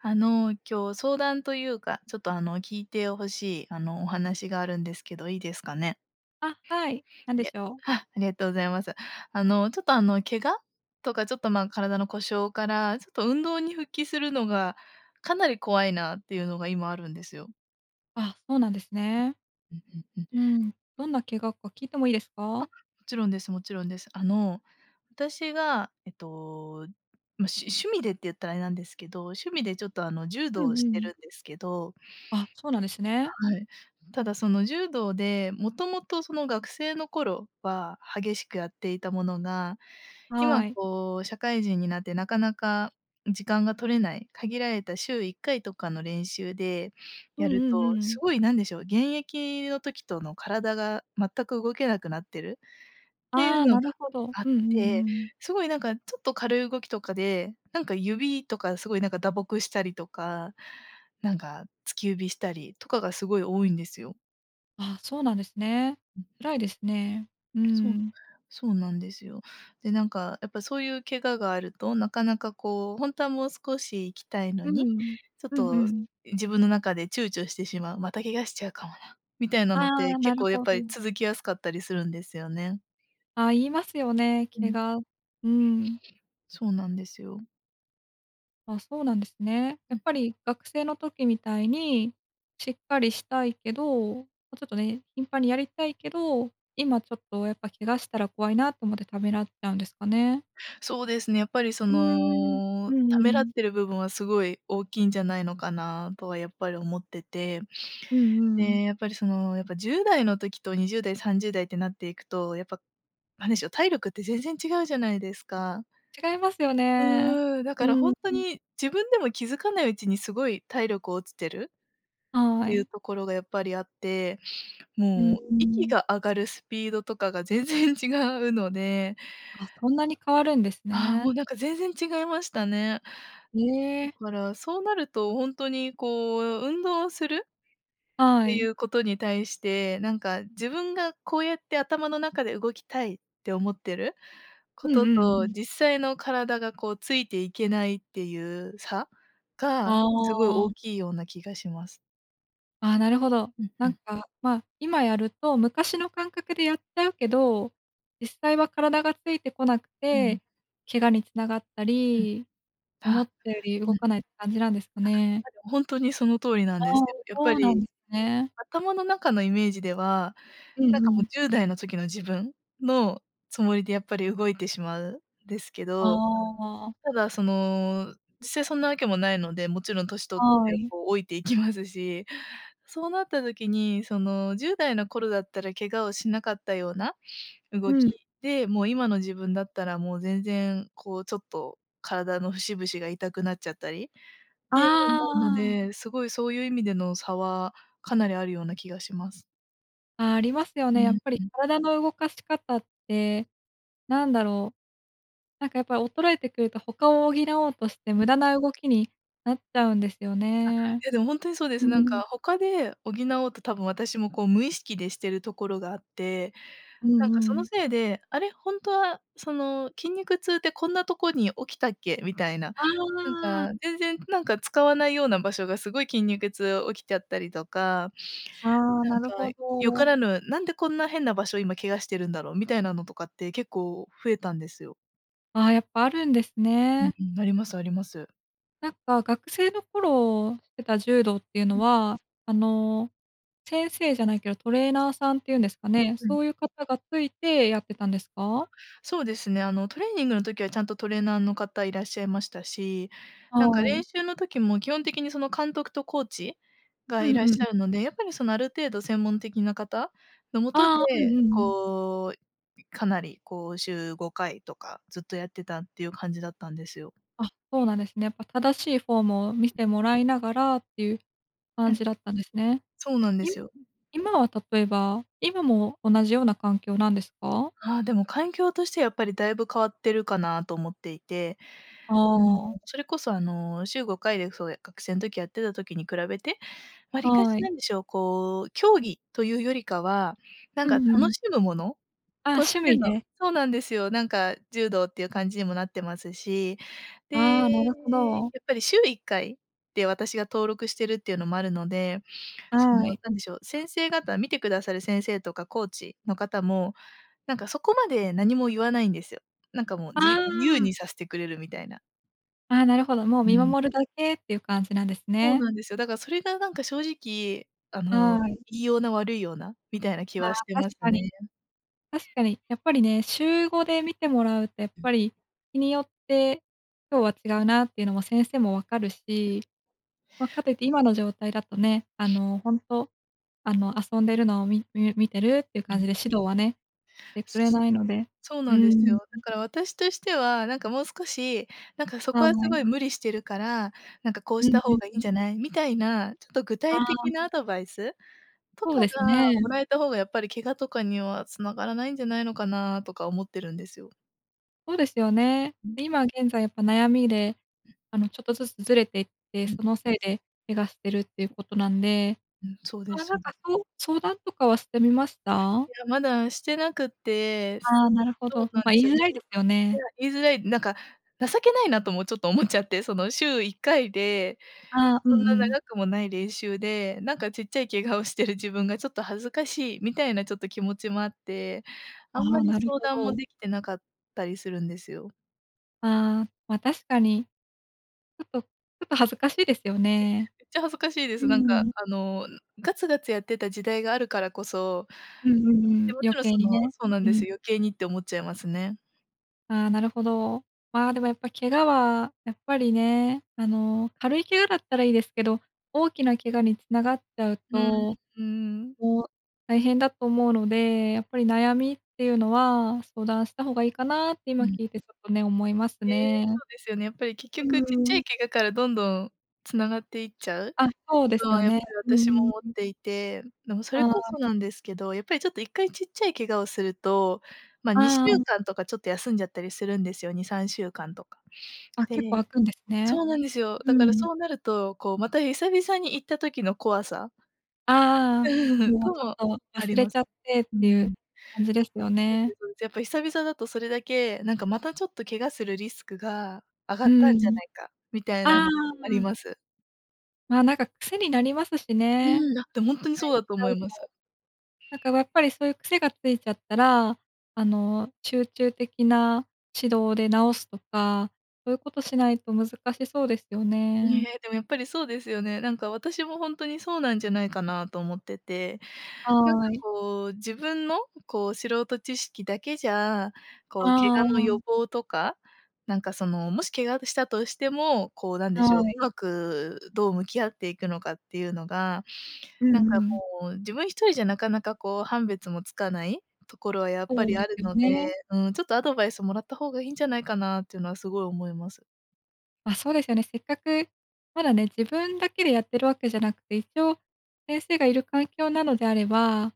あの、今日相談というか、ちょっとあの、聞いて欲しいあの、お話があるんですけどいいですかね。あ、はい、何でげしょう？あ、ありがとうございます。あの、ちょっとあの、怪我？とかちょっと、ま、体の故障からちょっと運動に復帰するのが、かなり怖いなっていうのが今あるんですよ。あ、そうなんですね。うんうんうん。うん、どんな怪我か聞いてもいいですあ、もか？ちろんですもちろんです。あの、私が、えっと、ま、しゅ趣味でって言ったらあれなんですけど、趣味でちょっと、あの、柔う道んうをんうしてるん。んですけど。あ、そうなんですね。はい。ただその、柔道でもともとその、学生の頃は激しくやっていたものが、今はい。こう社会人になってなかなか時間が取れない、限られた週1回とかの練習でうやんるうんうとんうすんごいなんでしょう、現役の時との体が全く動けなくなってるっていあうあ、のながるほど。あっうんうんうて、んうん。すごいなんか、ちょっと軽い動きとかでなんか、指とかすごいなんか、打撲したりとか、なんか、突き指したりとかがすごい多いんですよ。ああ、そうなんですね。うんうん。辛いですね。うーそう、ん。そうなんですよ。で、なんかやっぱそういう怪我があるとなかなかこう、本当はもう少し行きたいのうんに、うん、ちょっうんうとん。自分の中で躊躇してしまう、「また怪我しちゃうかもな」、みたいなのあってあ、な結る構やっほぱりど。続きやすかったりするんですよね。ああ、言いますよね、う怪ん。我うん。そうなんですよ。あ、そうなんですね。やうっん。ぱり学生の時みたいに、しっかりしたいけど、まちょっとね、頻繁にやりたいけど、今、ちょっとやっぱ怪我したら怖いなと思ってためらっちゃうんですかね？そうですね。やっぱりそうーん、うのんためうらっん。ている部分はすごい大きいんじゃないのかなとはやっぱり思ってて。うんえうえ、ん。やっぱりそのやっぱ10代の時と20代30代ってなっていくと、やっぱなんでしょう、体力って全然違うじゃないですか。違いますよね、うーん、だうからん本当うん。に自分でも気づかないうちにすごい体力落ちてるっはていうい。ところがやっぱりあって、うーもう息ん。が上がるスピードとかが全然違うのであ、そんなに変わるんですああ、ね。もうなんか全然違いましたね。えだえ。から、そうなると、本当にこう、運動するっはていい。うことに対して、なんか自分がこうやって頭の中で動きたいって思ってるうこんうとんとうん。実際の体がこうついていけないっていう差？あがすごい大あ。きいような気がします。ああ、なるほど。うんなうんん。か、まあ、今やると、昔の感覚でやっちゃうけど、実際は体がついてこなくうん。て、怪我に繋がったうん。り、思っあ、たよりう動ん。かないって感じなんですかね。本当にその通りなんあであ、すよ。やっそぱうなんり。ですね。頭の中のイメージでは、うんなんうかもうん。10代の時の自分のつもりでやっぱり動いてしまうんですけあど、あ。ただその実際そんなわけもないので、もちろん年取ってはい。こう老いていきますし、そうなった時にその10代の頃だったら怪我をしなかったようなう動きん。で、もう今の自分だったらもう全然こうちょっと体の節々が痛くなっちゃったりって思あうのあ。で、すごいそういう意味での差はかなりあるような気がします。ああ、ありますようね、やっんぱりうん。体の動かし方って、なんだろう。なんかやっぱり衰えてくると、他を補おうとしてうん。無駄な動きになっちゃうんですよあ、いね。やでも本当にそうでうす。なんん。か他で補おうと多分私もこう無意識でしてるところがあって、うなんかんそうのん。せいで、あれ本当はその筋肉痛ってこんなとこに起きたっけみたいな、あなんあ。か全然なんか使わないような場所がすごい筋肉痛起きちゃったりとか。ああ、ななんるかほ良かど。らぬ、なんでこんな変な場所を今怪我してるんだろうみたいなのとかって結構増えたんですよ。ああ、やっぱあるんですうんね。うん、ありますあります。なんか学生の頃してた柔道っていうのうん。は、あの、先生じゃないけどトレーナーさんっていうんん。ですかね、うん。そういう方がついてやってたんですか？そうですね、あのトレーニングの時はちゃんとトレーナーの方いらっしゃいましたし、なんかは練い。習の時も基本的にその監督とコーチうがいんらっうしん。ゃるので、やっぱりそのある程度専門的な方のもとで、ああ、うんうん。こう、ん、かなりこう週5回とかずっとやってたっていう感じだったんですよ。あ、そうなんですね。やっぱ正しいフォームを見てもらいながらっていうう感ん。じだったんですね。そうなんでいすむよ。うん。今は例えば今も同じような環境なんですか？ああ、でも環境としてはやっぱりだいぶ変わってるかなと思っていて、あうーん。あ。それこそあの週5回でそう、え、学生ん時やってた時に比べて、わりかしはい。なんでしょう、こう競技というよりかは、なんうかんう楽ん。しむものあ、とし趣て味ので。そうなんですよ。なんか柔道っていう感じにもなってますし、で、ああ、なるほど。やっぱり週1回で私が登録してるっていうのもあるので、そのはい。何でしょう、先生方見てくださる先生とかコーチの方もなんかそこまで何も言わないんですよ。なんかもうあじ自由あ。にさせてくれるみたいな。ああ、なるほど、もうう見ん。守るだけっていう感じなんですそうね。なんですよ。だからそれがなんか正直、あの良はい。いような悪いようなみたいな気ああ、はしてま確すかに。ね。確かに、やっぱりね、週5で見てもらうとやっうん。ぱり日によって今日は違うなっていうのも先生も分かるし、ま、かといって今の状態だとね、あ の、本当、あの、遊んでるのをみみ見てるっていうう感ん。じで指導はね、てくそれそ。ないので。そううなんでーすよ。だん。から私としてはなんかもう少しなんかそはこはすい。ごい無理してるから、なんか「こううしんたう方んがいういんん。じゃない？」みたいなちょっと具あ体的あ。なアドバイスとそうかですがもね。らえた方がやっぱり怪我とかには繋がらないんじゃないのかなとか思ってるんですよ。そうですよね。うん。今、現在やっぱ悩みで、うん。あのちょっとずつずれていって、うん。そのせいで怪我してるっていうことなんで、うん、そうまあ、でそれす。なんかそう相談とかはしてみました？いや、まだしてなくって。すああ、なるほそど。うなんま、で言すいよ。いづらいですよね。や、言いづらい、なんか情けないなともちょっと思っちゃって、その週1回でああ、うそんんうなん。長くもない練習で、なんかちっちゃい怪我をしてる自分がちょっと恥ずかしいみたいなちょっと気持ちもあって、ああんまあ、りなる相ほ談もど。できてなかったりするんですよ。ああ、ま、確かに。ちょっとちょっと恥ずかしいですよ ね。めっちゃ恥ずかしいでうーす。なんかん。あの、ガツガツやってた時代があるからこそ、うんうんうで、ん、も余ちろんそ計にのね。そうなんうでん。すよ、余計にって思っちゃいますね。ああ、なるほど。まあでもやっぱ怪我は、やっぱりね、あの、軽い怪我だったらいいですけど、大きな怪我に繋がっちゃううん、と、うん。もう、大変だと思うので、やっぱり悩みっていうのは、相談した方がいいかなって今うん。聞いてちょっとね、思いますえ、ね。そうですよね。やっぱり結う局ちっちゃーいん。怪我からどんどん繋がっていっちゃうあ、そうですのよはやっぱね。りう私もー思っん。ていて、でもそれあこあ。そなんですけど、やっぱりちょっと1回ちっちゃい怪我をすると、ま、にしゅあうあ。かんとかちょっと休んじゃったりするんですよ2、3週間とか。あ、で、結構開くんですね。そうなんですよ。うだからん。そうなるとこうまた久々に行った時の怖さああ、もうとちょも、っとあ忘りれまちす。ゃってっうていうん。感じですよそうね。です。やっぱ久々だとそれだけなんかまたちょっと怪我するリスクが上がうったんじゃん。ないかみたいなあのもありあ。ます。まあなんか癖になりますしね。うんだってほんと にかそういしだちとゃ思ういます。となんかやっぱりそういう癖がついちゃったら、あの、集中的な指導で治すとか、そういうことしないと難しそうですよね。ね、でもやっぱりそうですよね。なんか私もほんとにそうなんじゃないかなと思ってて、なんかはい。こう、自分のこう素人知識だけじゃこう怪あ我のあ。予防とか、なんかそのもし怪我あとしたとしても、こうなんでしょう、はい。うまくどう向き合っていくのかっていうのが、うんなんかうん。もう自分一人じゃなかなかこう判別もつかないところはやっぱそうりであするよので、ね。うん、ちょっとアドバイスもらった方がいいんじゃないかなっていうのはすごい思います。あ、そうですよね。せっかく、まだね、自分だけでやってるわけじゃなくて、一応先生がいる環境なのであれば、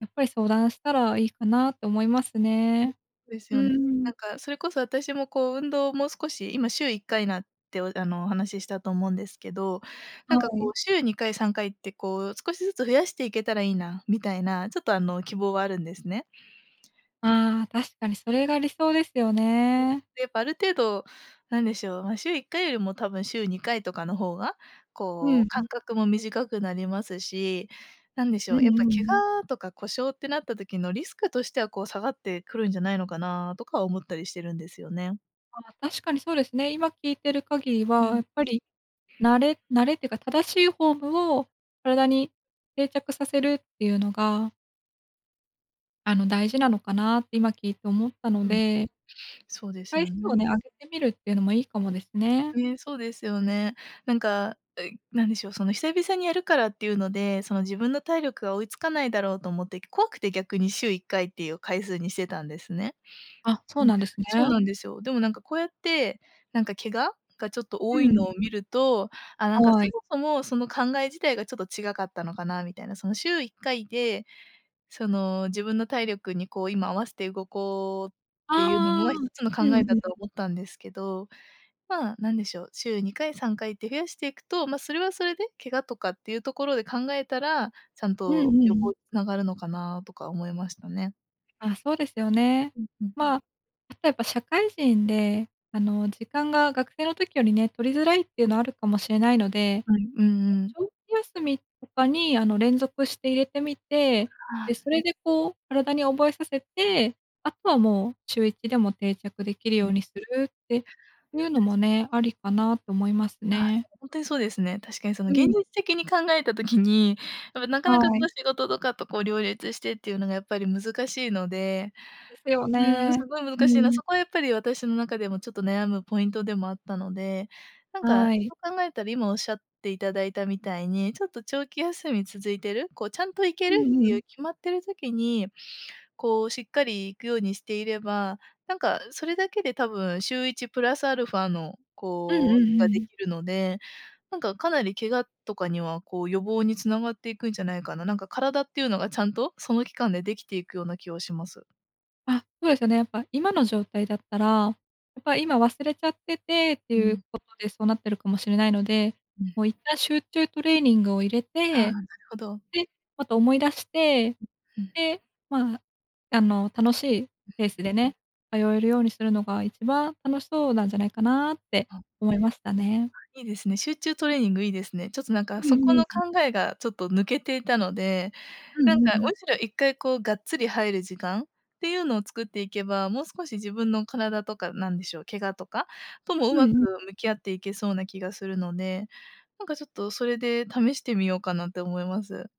やっぱり相談したらいいかなと思いますうん、そね。うですうよん。ーん。なんかそれこそ私もこう運動をもう少し今週1回なってあのお話ししたと思うんですけど、なんはかこい。う週2回3回ってこう少しずつ増やしていけたらいいなみたいな、ちょっとあの希望はあるんですね。ああ、確かにそれが理想ですよ [unintelligible] ね。で、やっぱある程度なんでしょう、まあ、週1回よりも多分週2回とかの方がうこん、うふ。間隔も短くなりますし、なんでしうんょうう、やっぱんうん。怪我とか故障ってなった時のリスクとしてはこう下がってくるんじゃないのかなとか思ったりしてるんですよね。ああ、確かにそうですね。今聞いてる限りうは、やん。っぱり慣れ慣れっていうか正しいフォームを体に定着させるっていうのがあの大事なのかなって今聞いて思ったのうん。でそうです回よ数をね。ね、上げてみるっていうのもいいかもですね。ね、そうですよね。なんか、う、何でしょう、その久々にやるからっていうので、その自分の体力が追いつかないだろうと思って怖くて逆に週1回っていう回数にしてたんですね。あ、そううん、なんですそうね。なんですよ。でもなんかこうやって、なんか怪我がちょっとう多いん。のを見ると、ああ、なんか、はそい。もそもその考え自体がちょっと違うかったのかなみたいな、その週1回で、その、自分の体力にこう今合わせて動こうっていうああ、のが1つのう考んえだうとはん。思ったんですけど、まあ何でしょう、週2回3回って増やしていくと、ま、それはそれで怪我とかっていうところで考えたら、ちゃんうとんう予防ん。につながるのかなとか思いましたね。あ、そうですよね。うんうんうまん。あ、あとはやっぱ社会人で、あの、時間が学生の時よりね、取りづらいっていうのはあるかもしれないので、はい、うんま、うん。長期休みとかにあの、連続して入れてみて、あ、はで、い。それでこう体に覚えさせて、あとはもう、週1でも定着できるうようん。にするっていうの確もか。ね、ありかなと思いますああ、でね。も本当にそうですね。確かにそのう現ん。実的に考えた時に、やっぱなかなかはこい。う仕事とかとこう両立してっていうのがやっぱり難しいので、ですようーん、すね。ごいう難しいな。ん。そこはやっぱり私の中でもちょっと悩むポイントでもあったので、なんか、はい。そう考えたら今おっしゃっていただいたみたいに、ちょっと長期休み続いてる、こう、ちゃんと行けうるっんてういん。う決まってる時に、こう、しっかり行くようにしていれば、なんかそれだけで多分週1プラスアルファの、うんうんこうう、日がんうでん。きるので、なんかかなり怪我とかには、こう、予防につながっていくんじゃないかな。なんか体っていうのがちゃんとその期間でできていくような気はします。あ、そうですよね、やっぱ今の状態だったら、やっぱり、今、忘れちゃっててってういうん。ことで、そうなってるかもしれないので、うん。もう一旦集中トレーニングを入れああ、て、なるほど。で、また思い出して、うん。で、まあ、あの楽しいペースでね、通えるようにするのが1番楽しそうなんじゃないかなってわ、あ、思いましたね。いいですね。集中トレーニングいいですね。ちょっと、なんか、うんそうこんのうん。考えがちょっと抜けていたので。うなんか、んうんうん。むしろ、1回こうがっつり入る時間っていうのを作っていけば、もう少し自分の体とかなんでしょう怪我とかともううまくんうん。向き合っていけそうな気がするので、なんかちょっとそれで試してみようかなって思います。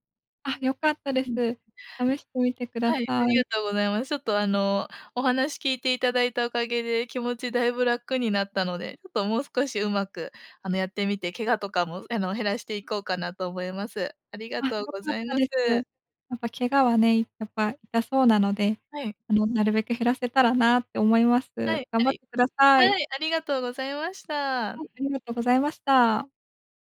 あ、良かったでうす。ん。試してみてくはだい、さありい。がとうございます。ちょっと、あの、お話聞いていただいたおかげで、気持ちだいぶ楽になったので。ちょっともう少しうまく、あの、やってみて怪我とかもあの、減らしていこうかなと思います。ありがあ、良とうかごっざいたまです。す。やっぱ怪我はね、やっぱ痛そうなので、はい。あの、なるべく減らせたらなって思います。はい、頑あ張ってりください。はい、ありがとうございました。はい、ありがとございました。